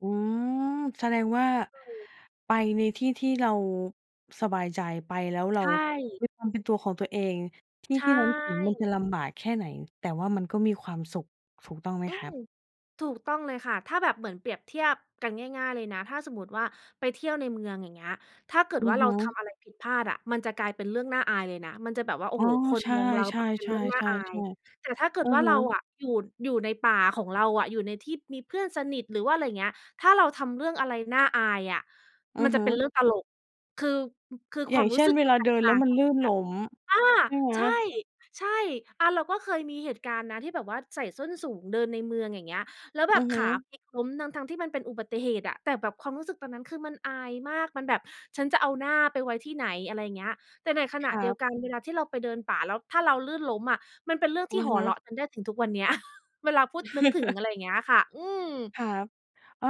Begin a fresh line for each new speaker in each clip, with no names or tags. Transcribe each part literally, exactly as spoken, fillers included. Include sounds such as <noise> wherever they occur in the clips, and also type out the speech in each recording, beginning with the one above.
อืม แสดงว่า
เออ
ไปในที่ที่เราสบายใจ ไปแล้วเร
ใช
า
่
มีความเป็นตัวของตัวเอง ที่
ใช
ที่เรารู้ ถึงมันจะ
่
ลำบากแค่ไหน แต่ว่ามันก็มีความสุข ถูกต้องไหม
อื
ครั
ม
บ?
ถูกต้องเลยค่ะ ถ้าแบบเหมือนเปรียบเทียบกันง่าย ๆ เลยนะ ถ้าสมมุติว่า ไปเที่ยวในเมือง อย่างเงี้ย ถ้าเกิด
อื
ว่
อ
าเ
ฮ
ร
ึ
าทำอะไรผิดพลาดอะ มันจะกลายเป็นเรื่องน่าอายเลยนะ มันจะแบบว่า โอ้
อ๋
โ
อ
ฮ คน
ใช่
มองเราแบบเป็นเรื่องน่าอา
ๆ ๆ
ย
ๆ ๆ
แต่ถ้าเกิด
อะ
ว่า
ฮ
เรา
ะ
อะ อยู่ อยู่ในป่าของเราอะ อยู่ในที่มีเพื่อนสนิท หรือว่าอะไรเงี้ย ถ้าเราทำเรื่องอะไรน่าอายอะ
อื
มั
อ
น
ฮ
จะเป็น
ึ
เรื่องตลก คือ ม คือ
อ
ค
ย่
ว
า
าม
ง
ร
เ
ู
ช
้
่
ส
น
ึก
เว
มั
ล
น
า
แต
เดิ
ก
น
ต
แ
่
ล้
า
ว
ง
มั
ก
น
ัน
ลื่
เ
นล้ม
ลยอะ อ
ใช
า
่ไหม?
ใช่ ๆ อะ เราก็เคยมีเหตุการณ์นะ ที่แบบว่าใส่ส้นสูงเดินในเมือง อย่างเงี้ย แล้วแบ
อื
บ
อฮ
ขา
ึ
พลิกล้มทั้ง ๆ ที่มันเป็นอุบัติเหตุอะ แต่แบบความรู้สึกตอนนั้นคือมันอายมาก มันแบบ ฉันจะเอาหน้าไปไว้ที่ไหน? อะไรอย่างเงี้ย แต่ในขณ
ค
ะ
รั
เดียว
บ
กัน เวลาที่เราไปเดินป่า แล้วถ้าเราลื่นล้มอะ มันเป็นเรื่อง
อ
ท
ื
ี่
อ
ห
ฮ
อเรา
ึ
ะ กันได้ถึงทุกวันเนี้ย <chuckles> เวลาพูด นึกถึง
<laughs>
อะไรเงี้ยค่ะ อืม
ครับ เออ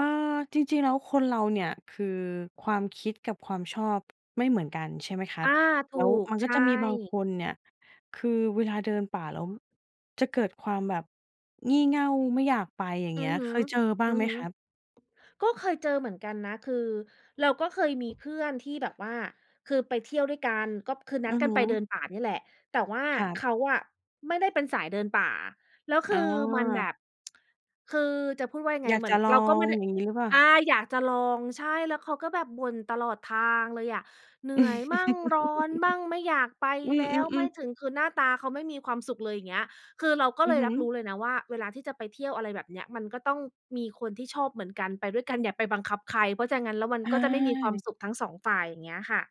จริง ๆ แล้วคนเราเนี่ยคือความคิดกับความชอบไม่เหมือนกัน ใช่ไหมครั
อ
บ
า ถ
แ
ู
ล้ว
ก
มัน
ใ
ก
ช
็จะมีบาง
่
คนเนี่ย คือเวลาเดินป่า แล้ว จะเกิดความแบบ งี่เง่า ไม่อยากไปอย่าง
อื
เงี้
อ
ย
ฮ
เ
ึ
คยเจอบ้า
อ
ง
ือ
ไหม
ฮึ
ครับ?
ก็เคยเจอเหมือนกันนะ คือเราก็เคยมีเพื่อนที่แบบว่า คือไปเที่ยวด้วยกัน ก็อบ คือนั
อ
ด
ือ
ก
ฮ
ันไปเดิ
ึ
นป่านี่แหละ แต่ว่า
ครับ
เขาอะ ไม่ได้เป็นสายเดินป่า แล้วค
อ๋อ
ือมันแบบ <tsk> คือจะพูดว่ายังไง
อยา
เ
ก
หมื
จ
อน
ะลอ
เราก็ไม
ง
่ได้
อย่างงี้หรือเปล่า?
อา อยากจะลอง ใช่ แล้วเขาก็แบบบ่นตลอดทางเลยอะ เหนื่อยมั่ง ร้อนบ้าง ไม่อยากไ
<laughs>
ป
อื
แล้ว ไม่
อ ๆ ๆ
ถึง คือหน้าตาเขาไม่มีความสุขเลยอย่างเงี้ย คือเราก็
อ
เ
ื
ล
อ
ย
ฮ
รับรู
ึ
้เลยนะว่า เวลาที่จะไปเที่ยว อะไรแบบเนี้ย มันก็ต้องมีคนที่ชอบเหมือนกันไปด้วยกัน อย่าไปบังคับใคร เพราะฉะนั้นแล้วมัน
อ
ก็จะไม่มีความ
า
สุขทั้ง สอง ฝ่าย อย่างเงี้ยค่ะ